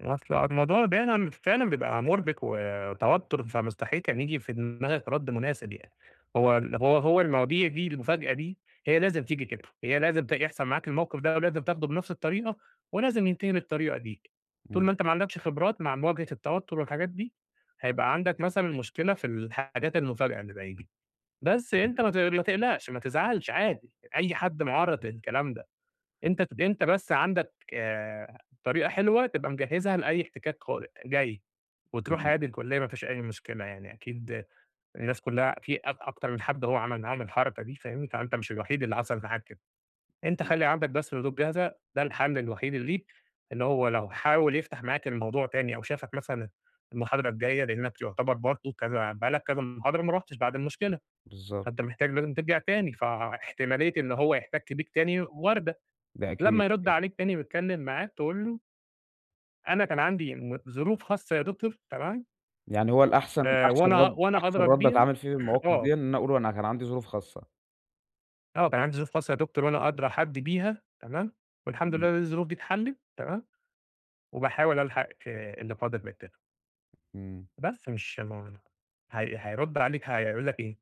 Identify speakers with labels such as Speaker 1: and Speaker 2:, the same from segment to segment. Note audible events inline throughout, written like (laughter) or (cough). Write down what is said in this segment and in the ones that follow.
Speaker 1: أصل آه الموضوع دايمًا فعلًا بيبقى مرّبِك و وتوتر، فمستحيل كان ييجي في دماغك رد مناسب يعني، هو ال هو هو المواضيع دي المفاجأة دي، هي لازم تيجي كده، هي لازم ت يحصل معاك الموقف ده، ولازم تاخده بنفْس الطريقة ولازم ينتهي بالطريقة دي، طول
Speaker 2: إمم.
Speaker 1: ما أنت ما عندكش خبرات مع مواجهة التوتر، والحاجات دي، هيبقى عندك مثلًا مشكلة في الحاجات المفاجئة اللي زي دي. بس أنت
Speaker 2: (unintelligible)
Speaker 1: ما تق ما تقلقش، ما تزعلش، عادي أي حد معرّض للكلام ده، أنت أنت بس عندك، آآ، طريقة حلوة تبقى مجهزها لأي احتكاك قادم جاي، وتروح
Speaker 2: إمم.
Speaker 1: عادي الكلِّية ما فيش أي مشكلة، يعني أكيد الناس كلّها في اكت أكتر من حد هو عمل معاهم الحركة دي فاهمني، فأنت مش الوحيد اللي حصل معاك كده، أنت
Speaker 2: إمم.
Speaker 1: خلّي عندك بس ردود جاهزة ده الحل الوحيد اللي ليك، إن هو لو حاول يفتح معاك الموضوع تاني أو شافك مثلًا المحاضرة الجايّة لأنك يعتبر برضه كذا بقى لك كذا محاضرة ما رُحتش بعد المشكلة،
Speaker 2: بالضبط.
Speaker 1: فأنت محتاج لازم ترجع تاني، فاحتمالية إن هو يحتك بيك تاني واردة،
Speaker 2: ده
Speaker 1: لمّا
Speaker 2: أكيد،
Speaker 1: يرد
Speaker 2: أكيد.
Speaker 1: عليك تاني، ويتكلّم معاك تقول له أنا كان عندي، امم، ظروف خاصة يا دكتور، تمام.
Speaker 2: يعني هو الأحسن
Speaker 1: آآ،
Speaker 2: أحسن
Speaker 1: وأنا
Speaker 2: رد
Speaker 1: وأنا
Speaker 2: أحسن
Speaker 1: أدرى
Speaker 2: رد
Speaker 1: بيها.
Speaker 2: أتعامل فيه في
Speaker 1: (clears throat)
Speaker 2: المواقف
Speaker 1: آه.
Speaker 2: ديًا، إن أنا أقول له أنا كان عندي ظروف خاصة.
Speaker 1: آه كان عندي ظروف خاصة يا دكتور، وأنا أدرى حد بيها، تمام، والحمد لله
Speaker 2: إمم.
Speaker 1: إن الظروف دي اتحلت تمام، وباحاول ألحق، آآ، اللي فاضل من الTerm
Speaker 2: إمم.
Speaker 1: بس مش (unintelligible) هي هيرد عليك هيقول لك إيه،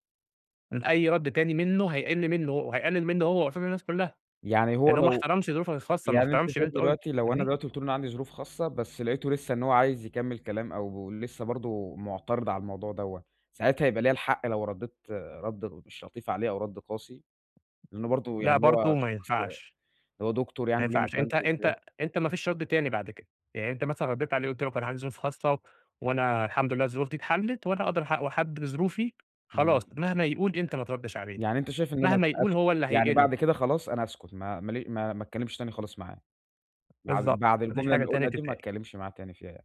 Speaker 1: ان أي رد تاني منّه هيقل منُّه هو وهيقلل منّه هو قصاد الناس كلّها،
Speaker 2: يعني هو
Speaker 1: لأنه ما
Speaker 2: لو
Speaker 1: احترمش ظروفك الخاصة، ما
Speaker 2: يعني أنت
Speaker 1: احترمش اللي
Speaker 2: شايف
Speaker 1: أنت قُلته،
Speaker 2: دلوقتي لو أنا
Speaker 1: فاهمني؟
Speaker 2: دلوقتي قُلت أنا عندي ظروف خاصة، بس لقيته لسّه إن هو عايز يكمل كلام، أو لسّه برضه معترض على الموضوع دوّة، ساعتها هيبقى ليا الحق لو رديت رد مش لطيف عليه، أو رد قاسي، لإنه برضه
Speaker 1: لأ،
Speaker 2: يعني
Speaker 1: برضه
Speaker 2: هو
Speaker 1: ما
Speaker 2: شخص
Speaker 1: ينفعش.
Speaker 2: هو دكتور
Speaker 1: ما
Speaker 2: يعني وليه
Speaker 1: ينفعش أنت
Speaker 2: مكانته وكده.
Speaker 1: أنت أنت ما فيش رد تاني بعد كده، يعني أنت مثلًا رديت على قُلت له كان عندي ظروف خاصة، وأنا الحمد لله الظروف دي اتحلت، وأنا أدرى حد و حد بظروفي، خلاص
Speaker 2: إمم.
Speaker 1: مهما يقول أنت ما تردش عليه،
Speaker 2: يعني أنت شايف إن أنا
Speaker 1: مهما يقول
Speaker 2: أسكت،
Speaker 1: هو اللي
Speaker 2: يعني
Speaker 1: هيقِل.
Speaker 2: بعد كده خلاص، أنا أسكت ما ما لي ما اتكلمش تاني خلاص معاه، بعد
Speaker 1: بالضبط،
Speaker 2: بعد
Speaker 1: ما فيش
Speaker 2: الجملة
Speaker 1: حاجة
Speaker 2: اللي
Speaker 1: تاني
Speaker 2: أقولها دي، ما
Speaker 1: تتقال.
Speaker 2: اتكلمش معاه تاني فيها يعني.